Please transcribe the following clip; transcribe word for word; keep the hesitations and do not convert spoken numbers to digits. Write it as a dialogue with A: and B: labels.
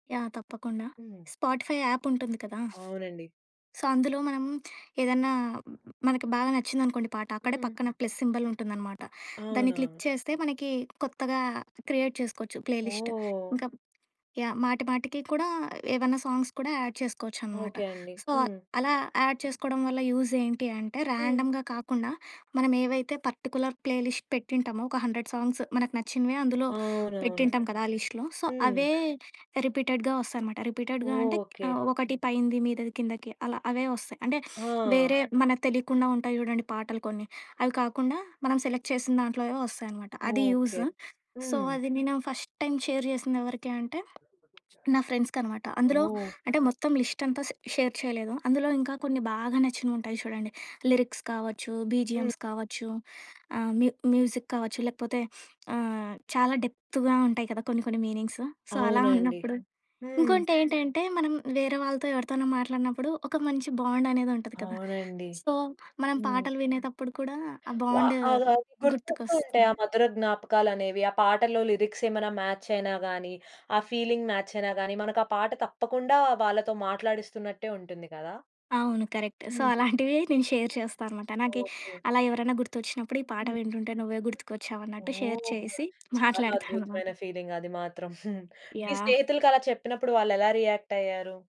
A: Yeah! తప్పకుండా
B: హ్మ్.
A: Spotify app ఉంటుంది కదా!
B: అవునండి.
A: సో అందులో మనం ఏదైనా మనకి బాగా నచ్చిందనుకోండి పాట అక్కడే
B: హ్మ్.
A: పక్కన ప్లస్ సింబల్ ఉంటుందన్నమాట. దాన్ని క్లిక్
B: అవునవును.
A: చేస్తే మనకి కొత్తగా క్రియేట్ చేసుకోవచ్చు ప్లే లిస్ట్.
B: ఓహ్!
A: ఇంకా యాహ్! మాటి మాటికి కూడా ఏమైనా సాంగ్స్ కూడా యాడ్ చేసుకోవచ్చనమాట.
B: ఓకే అండి.
A: సో
B: హ్మ్.
A: అలా యాడ్ చేసుకోవడం వల్ల యూజ్ ఏంటి అంటే
B: హ్మ్.
A: ర్యాండమ్‌గా కాకుండా మనమేవైతే పర్టిక్యులర్ ప్లే లిస్ట్ పెట్టుంటామో ఒక హండ్రెడ్ సాంగ్స్ మనకు నచ్చినవి అందులో
B: అవునవును.
A: పెట్టింటాం కదా ఆ లిస్టులో. సో
B: హ్మ్.
A: అవే రిపీటెడ్‌గా వస్తాయనమాట. రిపీటెడ్‌గా అంటే
B: ఓకే.
A: ఆహ్, ఒకటి పైనది మీదది కిందకి అలా అవే వస్తాయి. అంటే
B: ఆ!
A: వేరే మనకు తెలియకుండా ఉంటాయి చూడండి పాటలు కొన్ని అవి కాకుండా మనం సెలెక్ట్ చేసిన దాంట్లోవే వస్తాయనమాట. అది
B: ఓకే.
A: యూజ్. సో
B: హ్మ్.
A: అది నేను ఫస్ట్ టైమ్ షేర్ చేసిందెవరికి అంటే నా ఫ్రెండ్స్‌కనమాట. అందులో
B: ఓహ్!
A: అంటే మొత్తం లిస్ట్ అంతా స్ షేర్ చేయలేదు అందులో ఇంకా కొన్ని బాగా నచ్చినవుంటాయి చూడండి లిరిక్స్ కావచ్చు
B: హ్మ్.
A: బీజీఎమ్స్ కావచ్చు ఆహ్ మ్యూ మ్యూజిక్ కావచ్చు లేకపోతే ఆహ్, చాలా డెప్త్‌గా ఉంటాయి కదా కొన్ని కొన్ని మీనింగ్స్. సో అలా
B: అవునండి.
A: ఉన్నప్పుడు.
B: హ్మ్.
A: ఇంకోటేంటంటే మనం వేరే వాళ్ళతో ఎవరితోనో మాట్లాడినప్పుడు ఒక మంచి బాండ్ అనేదుంటది కదా
B: అవునండి.
A: సో మనం
B: హ్మ్.
A: పాటలు వినేటప్పుడు కూడా ఆ
B: వా
A: బాండు
B: అ ఆ! గుర్తొస్తూ ఉంటాయి ఆ
A: గుర్తుకొస్తుంది.
B: మధుర జ్ఞాపకాలనేవి. ఆ పాటల్లో లిరిక్స్ ఏమైన మ్యాచ్ అయినా గాని, ఆ ఫీలింగ్ మ్యాచ్ అయినా గాని మనకు ఆ పాట తప్పకుండా వాళ్ళతో మాట్లాడిస్తున్నట్టే ఉంటుంది గదా!
A: అవును. కరెక్ట్. సో
B: హ్మ్.
A: అలాంటివి నేను షేర్ చేస్తా అనమాట. నాకీ
B: ఓకే.
A: అలా ఎవరైనా గుర్తొచ్చినప్పుడు ఈ పాట
B: హ్మ్.
A: వింటుంటే నువ్వే గుర్తుకొచ్చావు అన్నట్టు షేర్
B: ఓహ్!
A: చేసి
B: చాలా
A: మాట్లాడతా
B: అద్భుతమైన
A: అననమాట.
B: ఫీలింగ్ అది మాత్రం! మీ
A: యాహ్!
B: స్నేహితులకలా చెప్పినప్పుడు వాళ్ళెలా రియాక్ట్ అయ్యారు?